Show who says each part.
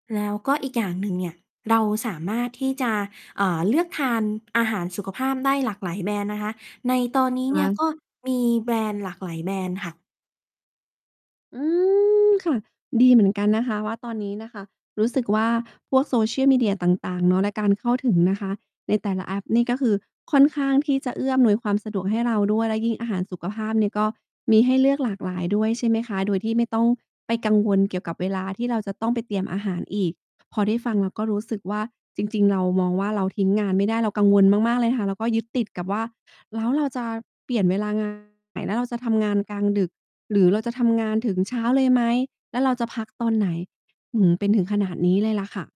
Speaker 1: แล้วก็อีกอย่างหนึ่งเนี่ย เราสามารถที่จะ อ่า เลือกทานอาหารสุขภาพได้หลากหลายแบรนด์นะคะ ในตอนนี้
Speaker 2: ค
Speaker 1: เนี่ย
Speaker 2: ะ?
Speaker 1: ก็มีแบรนด์หลากหลายแบรนด์ค่ะ
Speaker 2: อืม ค่ะ ดีเหมือนกันนะคะว่า ตอนนี้น่ะค่ะรู้สึกว่า พวก social media ต่าง ๆ เนาะในการเข้าถึงนะคะ ในแต่ละแอป นี่ก็คือค่อนข้างที่จะเอื้ออำนวยความสะดวกให้เราด้วย และยิ่งอาหารสุขภาพเนี่ยก็มีให้เลือกหลากหลายด้วย ใช่ไหมคะ โดยที่ไม่ต้องไปกังวลเกี่ยวกับเวลาที่เราจะต้องไปเตรียมอาหารอีก พอได้ฟังเราก็รู้สึกว่า จริง ๆ เรามองว่า เราทิ้งงานไม่ได้ เรากังวลมาก ๆ เลยค่ะ แล้วก็ยึดติดกับว่า "แล้วเราจะเปลี่ยนเวลา งาน แล้วเราจะทำงานกลางดึก หรือเราจะทำงานถึงเช้าเลยไหม? แล้วเราจะพักตอนไหน?" หือ เป็นถึงขนาดนี้เลยล่ะค่ะ